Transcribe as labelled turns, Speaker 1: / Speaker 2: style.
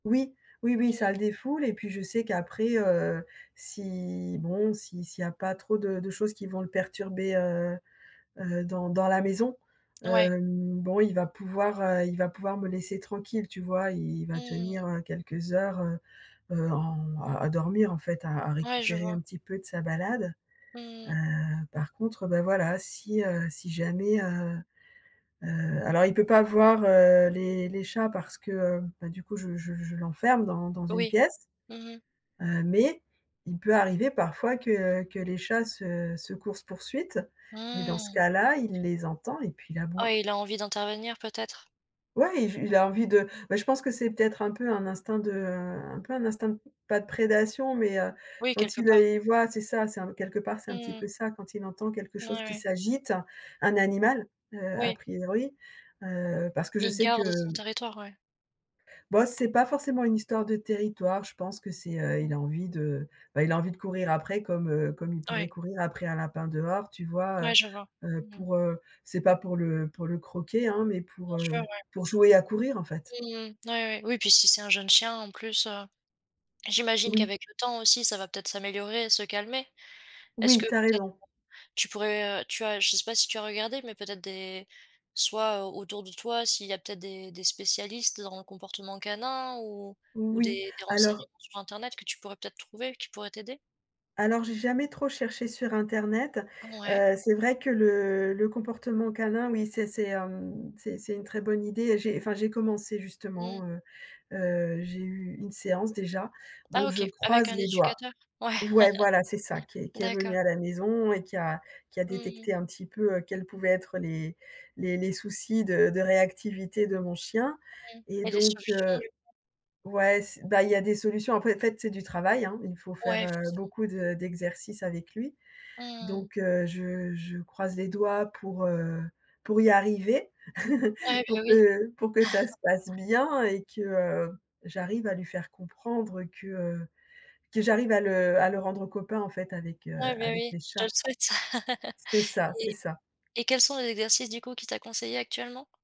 Speaker 1: Oui, oui
Speaker 2: Mmh
Speaker 1: oui,
Speaker 2: mh.
Speaker 1: ça le défoule et puis je sais qu'après, heu, si, bon, si s'il y a pas trop de de choses qui vont le perturber heu, heu, dans dans la maison
Speaker 2: Ouais.
Speaker 1: hem, bon, il va pouvoir heu, il va pouvoir me laisser tranquille tu vois? Il il va
Speaker 2: Mmh.
Speaker 1: tenir heu quelques heures, heu, heu, en à à dormir en fait, à à
Speaker 2: Ouais, je
Speaker 1: récupérer un
Speaker 2: vois.
Speaker 1: petit peu de sa balade. Heu,
Speaker 2: Mmh.
Speaker 1: par contre, ben, voilà, si, heu, si jamais, heu, heu alors il peut pas voir heu, les les chats parce que heu, ben du coup je je je l'enferme dans dans une
Speaker 2: Oui.
Speaker 1: pièce
Speaker 2: Mmh mh.
Speaker 1: heu, mais il peut arriver parfois que que les chats se, heu, coursent poursuite et dans ce
Speaker 2: Mmh.
Speaker 1: cas-là, il les entend et puis il
Speaker 2: Ah
Speaker 1: aboie.
Speaker 2: oui, il a envie d'intervenir peut-être?
Speaker 1: Ouais, il v il a envie de
Speaker 2: [unintelligible]
Speaker 1: beh, je pense que c'est peut-être un peu un instinct de un peu un instinct, pas de prédation mais, heu,
Speaker 2: Oui,
Speaker 1: quand
Speaker 2: quelque
Speaker 1: il, heu,
Speaker 2: part.
Speaker 1: les voit c'est ça, c'est un quelque part c'est un petit
Speaker 2: Mmh.
Speaker 1: peu ça, quand il entend quelque
Speaker 2: N
Speaker 1: chose
Speaker 2: ouais,
Speaker 1: qui
Speaker 2: ouais.
Speaker 1: s'agite, un animal, heu, a
Speaker 2: Oui.
Speaker 1: priori, heu, parce que je
Speaker 2: Il
Speaker 1: sais que,
Speaker 2: garde son
Speaker 1: heu
Speaker 2: territoire, ouais.
Speaker 1: B oh, c'est pas forcément une histoire de territoire, je pense que c'est heu, il
Speaker 2: Mmh.
Speaker 1: a envie de, bah, il a envie de courir après comme heu, comme il pourrait
Speaker 2: Ouais.
Speaker 1: courir après un lapin dehors, tu vois?
Speaker 2: Ouais, je vois.
Speaker 1: Heu heu
Speaker 2: Mmh mh.
Speaker 1: pour heu, c'est pas pour le pour le croquer hein, mais pour,
Speaker 2: Bien sûr,
Speaker 1: heu,
Speaker 2: ouais.
Speaker 1: pour jouer à courir en fait.
Speaker 2: Mmh, ouais, ouais, oui puis si c'est un jeune chien en plus heu, j'imagine
Speaker 1: Oui.
Speaker 2: qu'avec le temps aussi, ça va peut-être s'améliorer et se calmer. Est-ce
Speaker 1: Oui,
Speaker 2: que
Speaker 1: tu as
Speaker 2: peut-être
Speaker 1: raison.
Speaker 2: [unintelligible] tu pourrais heu, tu as je sais pas si tu as regardé, mais peut-être des soit au autour de toi s'il y a peut-être des des spécialistes dans le comportement canin? Ou ou
Speaker 1: Oui,
Speaker 2: des des
Speaker 1: alors
Speaker 2: renseignements sur Internet que tu pourrais peut-être trouver, qui pourraient t'aider?
Speaker 1: alors, j'ai jamais trop cherché sur Internet.
Speaker 2: Ouais.
Speaker 1: Heu, c'est vrai que le le comportement canin, oui, c'est c'est, hem, c'est c'est une très bonne idée et j'ai, enfin, j'ai commencé
Speaker 2: Mmh.
Speaker 1: justement, heu, heu, j'ai eu une séance déjà
Speaker 2: Ah
Speaker 1: donc je
Speaker 2: OK. Avec
Speaker 1: croise
Speaker 2: un
Speaker 1: les doigts.
Speaker 2: éducateur? Ouais,
Speaker 1: Ouais, voilà c'est ça qui est qui est
Speaker 2: d'accord.
Speaker 1: venu à la maison et qui a qui a
Speaker 2: Mmh mh.
Speaker 1: détecté un petit peu, heu, quels pouvaient être les les les soucis de de réactivité de mon chien.
Speaker 2: Mmh,
Speaker 1: Et
Speaker 2: il y a des
Speaker 1: donc,
Speaker 2: solutions
Speaker 1: heu
Speaker 2: du coup?
Speaker 1: ouais, c'est bah il y a des solutions, après en fait c'est du travail hein? Il faut faire,
Speaker 2: Ouais,
Speaker 1: heu,
Speaker 2: forcément,
Speaker 1: beaucoup
Speaker 2: mmh.
Speaker 1: de d'exercices avec lui.
Speaker 2: Mmh.
Speaker 1: Donc, heu, je je croise les doigts pour, heu, pour y arriver
Speaker 2: Ouais, bah
Speaker 1: pour
Speaker 2: oui.
Speaker 1: que pour que ça se passe bien et que, heu, j'arrive à lui faire comprendre que, heu, que j'arrive à le à le rendre copain en fait avec, heu,
Speaker 2: Ouais, bah
Speaker 1: avec
Speaker 2: oui,
Speaker 1: les
Speaker 2: je te le
Speaker 1: chats.
Speaker 2: souhaite.
Speaker 1: C'est ça, c'est
Speaker 2: Et
Speaker 1: ça.
Speaker 2: et quels sont les exercices du coup qu'il t'a conseillé actuellement?